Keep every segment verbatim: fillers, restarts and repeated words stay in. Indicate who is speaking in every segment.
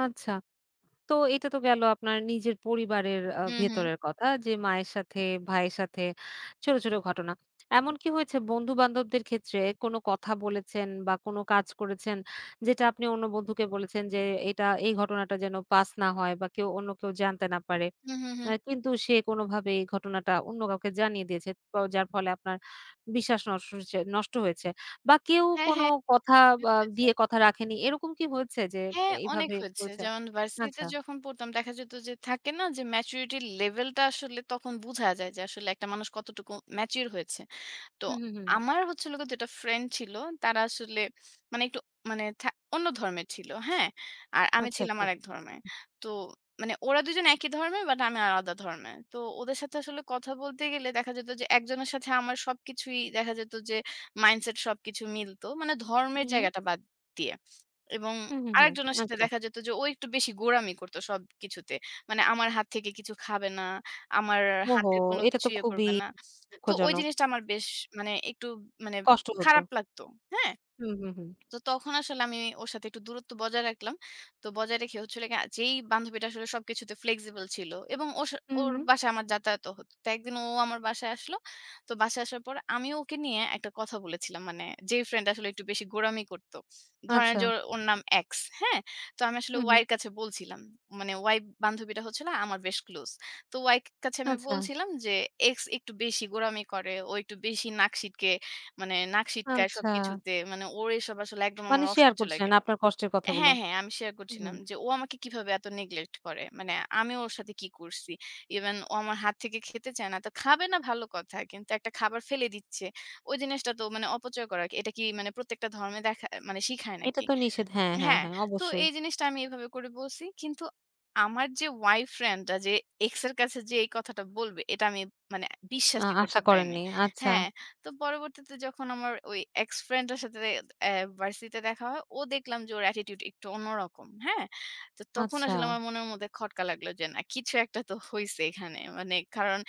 Speaker 1: আচ্ছা। তো এটা তো গেল আপনার নিজের পরিবারের আ
Speaker 2: হু, হু।
Speaker 1: ভেতরের কথা যে, মায়ের সাথে, ভাইয়ের সাথে ছোট, ছোট ঘটনা। এমন কি হয়েছে বন্ধু-বান্ধবদের ক্ষেত্রে কোন কথা বলেছেন বা, কোন কাজ করেছেন, যেটা আপনি অন্য বন্ধুকে বলেছেন যে, এটা এই ঘটনাটা যেন পাস না হয় বা, কেউ অন্য কেউ জানতে না পারে।
Speaker 2: হু, হু,
Speaker 1: আ
Speaker 2: হু।
Speaker 1: কিন্তু সে কোনোভাবে এই ঘটনাটা অন্য কাউকে জানিয়ে দিয়েছে। তো যার ফলে আপনার বিশ্বাস নষ্ট হচে নষ্ট হয়েছে বা, কেউ
Speaker 2: হ্যাঁ,
Speaker 1: কোন
Speaker 2: হ্যাঁ।
Speaker 1: কথা
Speaker 2: অনেক
Speaker 1: আ
Speaker 2: হয়েছে।
Speaker 1: দিয়ে কথা রাখেনি? এরকম কি হয়েছে যে
Speaker 2: হ্যাঁ, অনেক
Speaker 1: এইভাবে
Speaker 2: হয়েছে।
Speaker 1: হয়েছে
Speaker 2: যেমন ভার্সিটিতে
Speaker 1: আচ্ছা।
Speaker 2: যখন পড়তাম, দেখা যেত যে থাকে না যে, maturity level টা আসলে তখন বুঝা যায় যে আসলে একটা মানুষ কতটুকু mature হয়েছে। তো
Speaker 1: হুম, হুম, হুম।
Speaker 2: আমার হচ্ছিল গিয়ে দুই টা ফ্রেন্ড ছিল, তারা আসলে মানে একটু মানে থা অন্য ধর্মের ছিল। হ্যাঁ? আর আমি
Speaker 1: আচ্ছা,
Speaker 2: ছিলাম
Speaker 1: আচ্ছা।
Speaker 2: আরেক ধর্মে। তো মানে ওরা দুই জন একই ধর্মের। বাট আমি আলাদা ধর্মের। তো ওদের সাথে আসলে কথা বলতে গেলে দেখা যেত যে একজনের সাথে আমার সবকিছুই দেখা যেত যে মাইন্ডসেট সবকিছু মিলতো। মানে ধর্মের
Speaker 1: হুম।
Speaker 2: জায়গাটা বাদ দিয়ে। এবং
Speaker 1: হু, হু, হু।
Speaker 2: আরেকজনের সাথে
Speaker 1: আচ্ছা।
Speaker 2: দেখা যেত যে ও একটু বেশি গোরামি করতো সবকিছুতে। মানে আমার হাত থেকে কিছু খাবে না। আমার
Speaker 1: ওহো!
Speaker 2: হাতের কোন
Speaker 1: এটা
Speaker 2: কিছু
Speaker 1: তো
Speaker 2: ইয়ে
Speaker 1: খুবই
Speaker 2: করবে না। তো ওই
Speaker 1: দুঃখজনক।
Speaker 2: জিনিসটা আমার বেশ মানে একটু মানে
Speaker 1: কষ্ট হতো।
Speaker 2: খারাপ লাগতো। হ্যাঁ?
Speaker 1: হু, হু, হু।
Speaker 2: তো তখন আসলে আমি ওর সাথে একটু দূরত্ব বজায় রাখলাম। তো বজায় রেখে হচ্ছিল গিয়ে যেই বান্ধবীটা আসলে সবকিছুতে flexible ছিল। এবং ওর স
Speaker 1: হুম,
Speaker 2: ওর
Speaker 1: হুম।
Speaker 2: বাসায় আমার যাতায়াতও হতো। তো একদিন ও আমার বাসায় আসলো। তো বাসায় আসার পর আমি ওকে নিয়ে একটা কথা বলেছিলাম। মানে যেই ফ্রেন্ড আসলে একটু বেশি গোরামি করতো। ধরেন যে
Speaker 1: আচ্ছা।
Speaker 2: ওর নাম X। হ্যাঁ? তো আমি আসলে
Speaker 1: হু,
Speaker 2: Y
Speaker 1: হু।
Speaker 2: এর কাছে বলছিলাম। মানে Y বান্ধবীটা হচ্ছিল না আমার বেশ ক্লোজ। তো Y কা কাছে আমি
Speaker 1: আচ্ছা।
Speaker 2: বলছিলাম যে, "X একটু বেশি গোরামি করে, ও একটু বেশি নাক সিটকে মানে নাক সিটকায়
Speaker 1: আচ্ছা।
Speaker 2: সবকিছুতে। মানে ওর এসব আসলে একদম
Speaker 1: মানে
Speaker 2: আমার
Speaker 1: শেয়ার
Speaker 2: অসহ্য
Speaker 1: করছেন
Speaker 2: লাগে"
Speaker 1: আপনার কষ্টের কথাগুলো।
Speaker 2: হ্যাঁ, হ্যাঁ আমি শেয়ার
Speaker 1: হু, হু।
Speaker 2: করছিলাম যে, "ও আমাকে কিভাবে এত neglect করে। মানে আমি ওর সাথে কি করছি? ইভেন ও আমার হাত থেকে খেতে চায় না। তো খাবে না ভালো কথা। কিন্তু একটা খাবার ফেলে দিচ্ছে। ওই জিনিসটা তো মানে অপচয় করা আরকি। এটা কি মানে প্রত্যেকটা ধর্মে দেখা মানে শিখায়
Speaker 1: এটা
Speaker 2: নাকি?"
Speaker 1: তো নিষেধ। হ্যাঁ, হ্যাঁ,
Speaker 2: হ্যাঁ,
Speaker 1: হ্যাঁ।
Speaker 2: তো
Speaker 1: অবশ্যই।
Speaker 2: এই জিনিসটা আমি এভাবে করে বলছি। কিন্তু আমার যে Y ফ্রেন্ডটা যে X এর কাছে যেয়ে এই কথাটা বলবে, এটা আমি মানে
Speaker 1: আ
Speaker 2: বিশ্বাসই
Speaker 1: আশা
Speaker 2: করতে পারিনি।
Speaker 1: করেননি। আচ্ছা।
Speaker 2: হ্যাঁ, তো পরবর্তীতে যখন আমার ওই X ফ্রেন্ডের সাথে আ ভার্সিটিতে দেখা হয়, ও দেখলাম যে ওর অ্যাটিটিউড একটু অন্যরকম। হ্যাঁ? তো তখন আসলে
Speaker 1: আচ্ছা।
Speaker 2: আমার মনের মধ্যে খটকা লাগলো যে, না কিছু একটা তো হইছে এখানে। মানে কারণ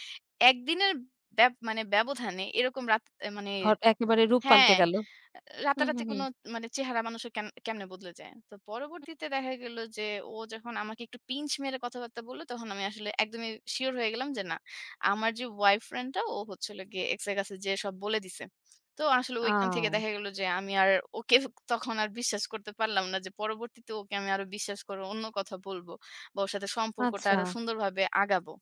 Speaker 2: একদিনের ব্যব মানে ব্যবধানে এরকম রাগ মানে
Speaker 1: হট একেবারে রূপ পাল্টে
Speaker 2: হ্যাঁ।
Speaker 1: গেল।
Speaker 2: আ
Speaker 1: হু, হু,
Speaker 2: রাতারাতি
Speaker 1: হু।
Speaker 2: কোনো মানে চেহারা মানুষের কেন কেমনে বদলে যায়। তো
Speaker 1: হু।
Speaker 2: পরবর্তীতে দেখা গেল যে ও যখন আমাকে একটু pinch মেরে কথাবার্তা বললো, তখন আমি আসলে একদমই সিউর হয়ে গেলাম যে, না, আমার যে Y ফ্রেন্ডটা, ও হচ্ছিল গিয়ে X এর কাছে যেয়ে সব বলে দিছে। তো আসলে ঐখান থেকে
Speaker 1: আও!
Speaker 2: দেখা গেল যে আমি আর ওকে তখন আর বিশ্বাস করতে পারলাম না যে, পরবর্তীতে ওকে আমি আরো বিশ্বাস করে অন্য কথা বলবো। বা ওর সাথে সম্পর্কটা আরো
Speaker 1: আচ্ছা।
Speaker 2: সুন্দরভাবে আগাবো।